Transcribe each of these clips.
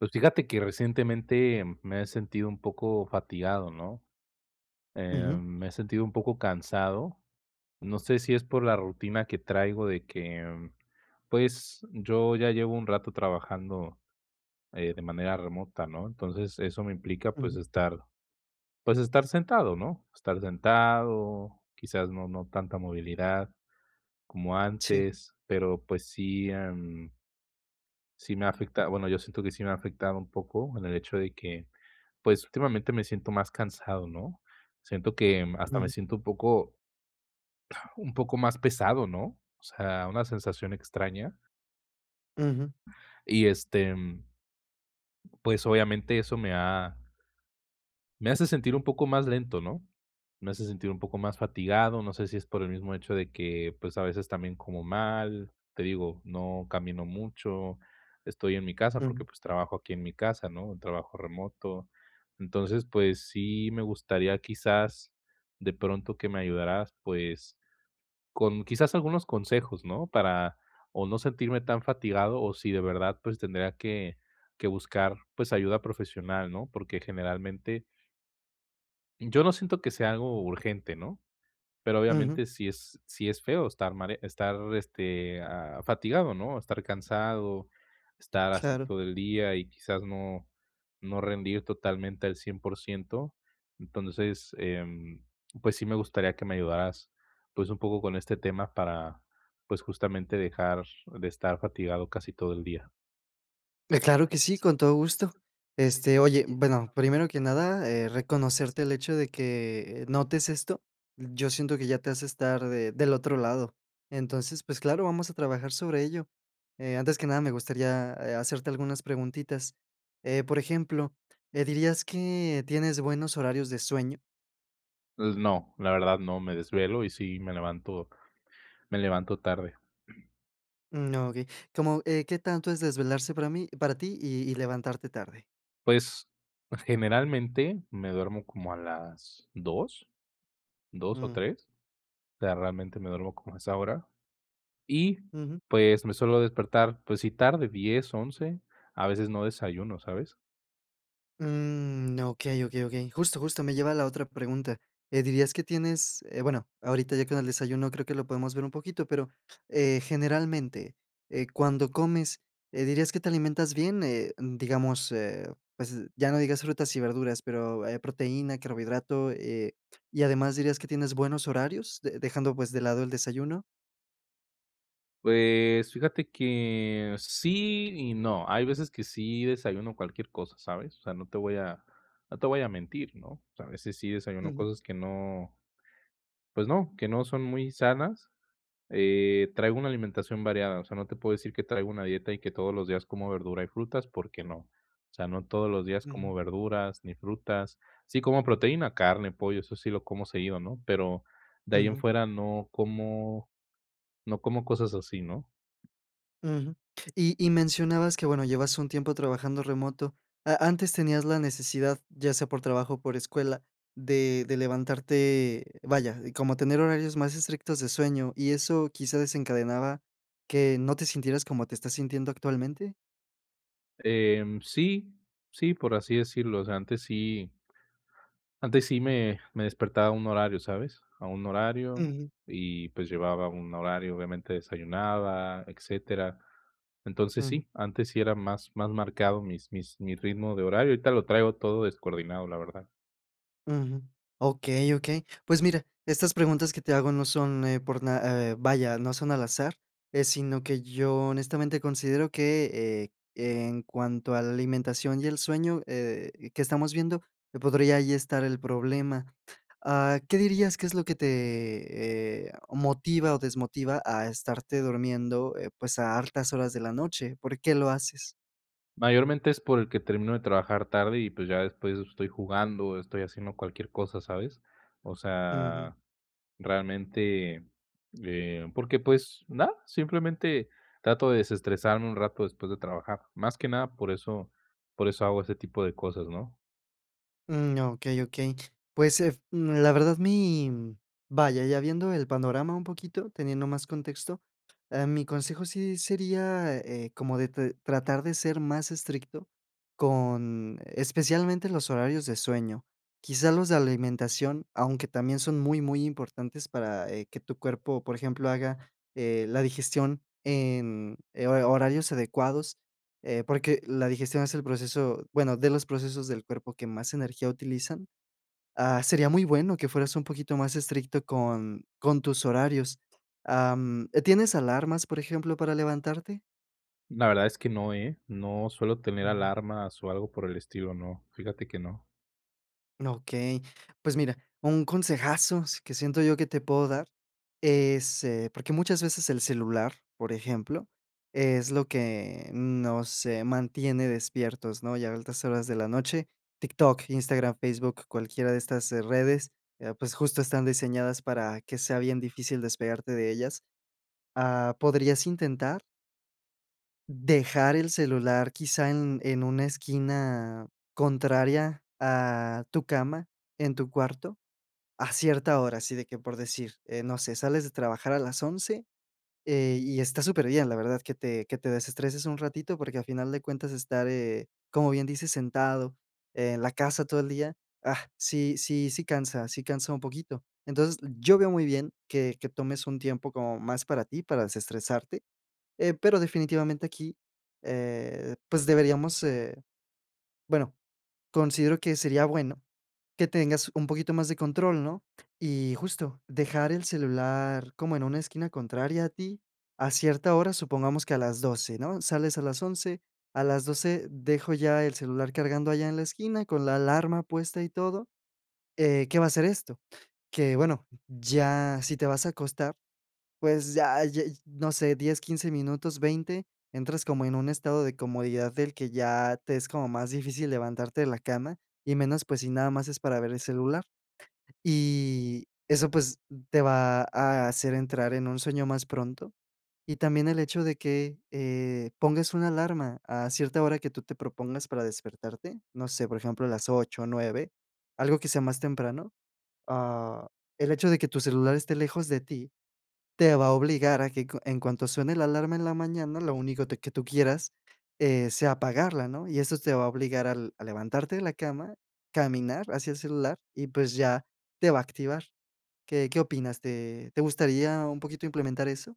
Pues, fíjate que recientemente, mm, me he sentido un poco fatigado, ¿no? Em, Ujú. me he sentido un poco cansado. No sé si es por la rutina que traigo, de que, mm, pues, yo ya llevo un rato trabajando, eh, de manera remota, ¿no? Entonces, eso me implica, pues Ujú. estar pues estar sentado, ¿no? Estar sentado, quizás no no tanta movilidad como Sí. antes, pero, pues sí, em sí me ha afecta bueno, yo siento que sí me ha afectado un poco en el hecho de que, pues últimamente me siento más cansado, ¿no? Siento que, mm, hasta me Ujú. siento un poco un poco más pesado, ¿no? O sea, una sensación extraña. Ujú. Y, este, em, pues, obviamente, eso me ha me ha me hace sentir un poco más lento, ¿no? Me hace sentir un poco más fatigado, no sé si es por el mismo hecho de que, pues, a veces también como mal, te digo, no camino mucho, estoy en mi casa porque, Ujú. pues, trabajo aquí en mi casa, ¿no?, trabajo remoto. Entonces, pues, sí me gustaría, quizás, de pronto, que me ayudaras, pues, con quizás algunos consejos, ¿no? Para o no sentirme tan fatigado, o si de verdad, pues, tendría que que buscar, pues, ayuda profesional, ¿no? Porque, generalmente yo no siento que sea algo urgente, ¿no? Pero, Ujú. obviamente, sí es sí es feo estar estar mare estar este, ah, fatigado, ¿no?, estar cansado, estar así Claro. todo el día y quizás no no rendir totalmente al 100%. Entonces, em, pues sí me gustaría que me ayudaras, pues, un poco con este tema para, pues justamente dejar de estar fatigado casi todo el día. Eh, claro que sí, con todo gusto. Este, oye, bueno, primero que nada, eh, reconocerte el hecho de que notes esto, yo siento que ya te hace estar de del otro lado. Entonces, pues, claro, vamos a trabajar sobre ello. Eh, antes que nada, me gustaría, eh, hacerte algunas preguntitas. Eh, por ejemplo, eh, ¿dirías que tienes buenos horarios de sueño? Pues, no, la verdad, no, me desvelo y sí me levanto me levanto tarde. Mm, okey. ¿Cómo eh, qué tanto es desvelarse para mí para ti, y y levantarte tarde? Pues, generalmente, me duermo como a las 2, 2 o Mm. 3, o sea, realmente me duermo como a esa hora, y, Ujú. pues, me suelo despertar, pues, sí tarde, 10, 11, a veces no desayuno, ¿sabes? Mm, okey, okey, okey. Justo, justo, me lleva a la otra pregunta. Eh, ¿dirías que tienes, eh, bueno, ahorita ya con el desayuno creo que lo podemos ver un poquito, pero, eh, generalmente, eh, cuando comes, eh, ¿dirías que te alimentas bien? Eh, digamos, eh, pues, ya no digas frutas y verduras, pero, eh, proteína, carbohidrato, eh, y además, ¿dirías que tienes buenos horarios de dejando, pues, de lado el desayuno? Pues fíjate que sí y no. Hay veces que sí desayuno cualquier cosa, ¿sabes?, o sea, no te voy a no te voy a mentir, ¿no?, o sea, a veces sí desayuno Ujú. cosas que no pues no, que no son muy sanas. Eh, traigo una alimentación variada, o sea, no te puedo decir que traigo una dieta y que todos los días como verdura y frutas, porque no, o sea, no todos los días como Ujú. verduras ni frutas, sí como proteína, carne, pollo, eso sí lo como seguido, ¿no?, pero de ahí en Ujú. fuera no como no como cosas así, ¿no? Ujú. Y y mencionabas que, bueno, llevas un tiempo trabajando remoto. ¿A antes tenías la necesidad, ya sea por trabajo o por escuela, de de levantarte vaya, como tener horarios más estrictos de sueño, y eso quizá desencadenaba que no te sintieras como te estás sintiendo actualmente? Eh, sí, sí, por así decirlo, o sea, antes sí antes sí me me despertaba a un horario, ¿sabes?, a un horario Ujú. y, pues, llevaba un horario, obviamente, desayunaba, etcétera, entonces, Ujú. sí, antes sí era más más marcado mis mis mi ritmo de horario, ahorita lo traigo todo descoordinado, la verdad. Ujú. Okey, okey. Pues, mira, estas preguntas que te hago no son, eh, por na eh, vaya, no son al azar, eh, sino que yo honestamente considero que, eh, en cuanto a la alimentación y el sueño, eh, que estamos viendo, que podría ahí estar el problema. Ah, ¿qué dirías que es lo que te, eh, motiva o desmotiva a estarte durmiendo, eh, pues, a altas horas de la noche? ¿Por qué lo haces? Mayormente, es porque termino de trabajar tarde y, pues, ya después estoy jugando, o estoy haciendo cualquier cosa, ¿sabes? O Ujú. sea, realmente, eh, porque, pues, nada, simplemente trato de desestresarme un rato después de trabajar. Más que nada, por eso por eso hago ese tipo de cosas, ¿no? Mm, okey, okey. Pues, eh, mm, la verdad, mi, mm vaya, ya viendo el panorama un poquito, teniendo más contexto, em, mi consejo sí sería, eh eh, como de t tratar de ser más estricto con especialmente los horarios de sueño. Quizás los de alimentación, aunque también son muy, muy importantes para, eh, que tu cuerpo, por ejemplo, haga, eh, la digestión en, eh, ho horarios adecuados, eh, porque la digestión es el proceso, bueno, de los procesos del cuerpo que más energía utilizan. Ah, sería muy bueno que fueras un poquito más estricto con con tus horarios. Am, ¿tienes alarmas, por ejemplo, para levantarte? La verdad es que no, ¿eh?, no suelo tener Ujú. alarmas o algo por el estilo, no, fíjate que no. Okey. Pues, mira, un consejazo s que siento yo que te puedo dar es eh, porque muchas veces el celular, por ejemplo, es lo que nos, eh, mantiene despiertos, ¿no?, y a altas horas de la noche, TikTok, Instagram, Facebook, cualquiera de estas, eh, redes, eh, pues, justo están diseñadas para que sea bien difícil despegarte de ellas. Ah, podrías intentar dejar el celular, quizá, en en una esquina contraria a tu cama, en tu cuarto, a cierta hora. Así de que, por decir, eh, no sé, sales de trabajar a las 11, eh, y está superbien, la verdad, que te que te desestreses un ratito, porque, a final de cuentas, estar, eh, como bien dices, sentado en la casa todo el día, ah, sí sí sí cansa sí cansa un poquito. Entonces, yo veo muy bien que que tomes un tiempo como más para ti, para desestresarte. Eh, pero, definitivamente, aquí, eh, pues, deberíamos, eh, bueno, considero que sería bueno que tengas un poquito más de control, ¿no? Y, justo, dejar el celular como en una esquina contraria a ti a cierta hora, supongamos que a las 12, ¿no? Sales a las 11, a las 12 dejo ya el celular cargando allá en la esquina con la alarma puesta y todo. Eh, ¿qué va a hacer esto? Que, bueno, ya si te vas a acostar, pues, ya ya, no sé, 10, 15 minutos, 20, entras como en un estado de comodidad del que ya te es como más difícil levantarte de la cama, y menos, pues, si nada más es para ver el celular. Y eso, pues, te va a hacer entrar en un sueño más pronto. Y también el hecho de que, eh, pongas una alarma a cierta hora que tú te propongas para despertarte, no sé, por ejemplo, a las 8 o 9, algo que sea más temprano. Ah, el hecho de que tu celular esté lejos de ti, te va a obligar a que cu en cuanto suene la alarma en la mañana, lo único te que tú quieras, eh, sea apagarla, ¿no? Y estos te va a obligar al a levantarte de la cama, caminar hacia el celular y, pues, ya te va a activar. ¿Qué qué opinas?, ¿te te gustaría un poquito implementar eso?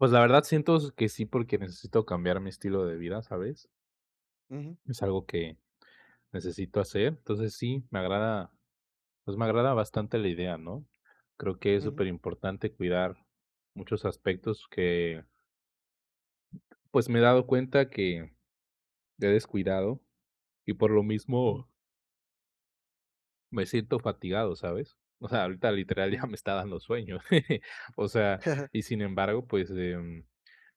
Pues, la verdad, siento s que sí, porque necesito cambiar mi estilo de vida, ¿sabes? Ujú. Es algo que necesito hacer. Entonces, sí, me agrada, pues, me agrada bastante la idea, ¿no? Creo que es Ujú. superimportante cuidar muchos aspectos que pues, me he dado cuenta que he descuidado, y por lo Mm. mismo me siento fatigado, ¿sabes? O sea, ahorita, literal, deja La me está dando sueño. O sea, y sin embargo, pues, em,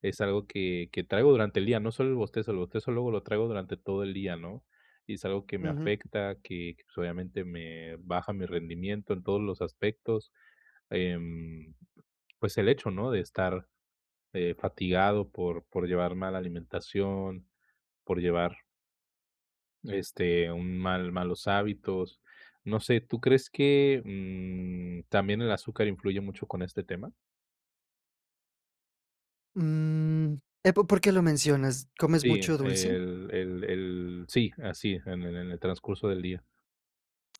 es algo que que traigo durante el día, no solo el bostezo, el bostezo luego lo traigo durante todo el día, ¿no? Y es algo que me Ujú. afecta, que, pues, obviamente, me baja mi rendimiento en todos los aspectos. Em, pues, el hecho, ¿no?, de estar, eh, fatigado por por llevar mala alimentación, por llevar este, un mal malos hábitos. No sé, ¿tú crees que, mm, también el azúcar influye mucho con este tema? Mm, eh, ¿po por qué lo mencionas? ¿Comes Sí, mucho dulce? el el el Sí, así. En el en el transcurso del día.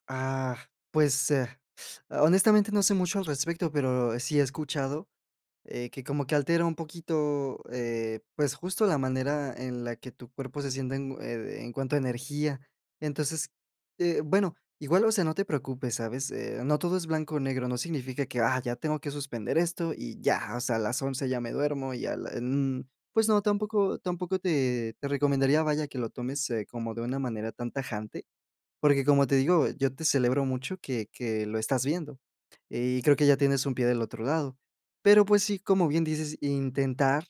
Ah, pues, eh, honestamente, no sé mucho al respecto, pero sí he escuchado, eh, que como que altera un poquito, eh, pues, justo la manera en la que tu cuerpo se siente en oh ed en cuanto a energía. Entonces, eh, bueno, igual, o sea, no te preocupes, ¿sabes?, eh, no todo es blanco o negro, no significa que, ah, ya tengo que suspender esto y ya, o sea, a las 11 ya me duermo y a la n". Pues no, tampoco tampoco te te recomendaría, vaya, que lo tomes, eh, como de una manera tan tajante. Porque como te digo, yo te celebro mucho que que lo estás viendo, y creo que ya tienes un pie del otro lado, pero, pues sí, como bien dices, intentar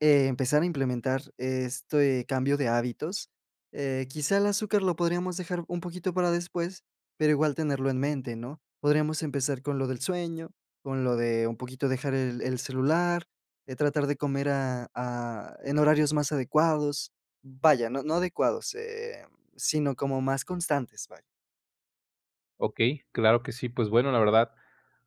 empezar a implementar este cambio de hábitos, eh, quizá el azúcar lo podríamos dejar un poquito para después, pero igual tenerlo en mente, ¿no?, podríamos empezar con lo del sueño, con lo de un poquito dejar el el celular, eh, tratar de comer a a en horarios más adecuados Vaya, no no adecuados em, sino como más constantes, vaya. Okey, claro que sí. Pues, bueno, la verdad,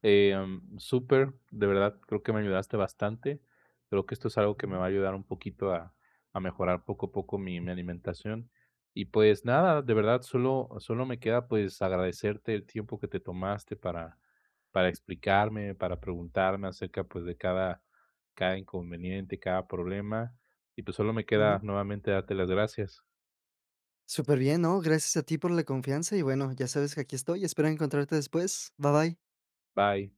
eh, mm, súper, de verdad creo que me ayudaste bastante. Creo que esto es algo que me Ujú. va a ayudar un poquito a a mejorar poco a poco mi mi alimentación, y, pues, nada, de verdad solo solo me queda, pues, agradecerte el tiempo que te tomaste para para explicarme, para preguntarme acerca, pues, de cada cada inconveniente, cada problema. Y, pues, solo me queda Ujú. nuevamente darte las gracias. Superbien, no, gracias a ti por la confianza y, bueno, ya sabes que aquí estoy y espero encontrarte después. Bye, bye. Bye.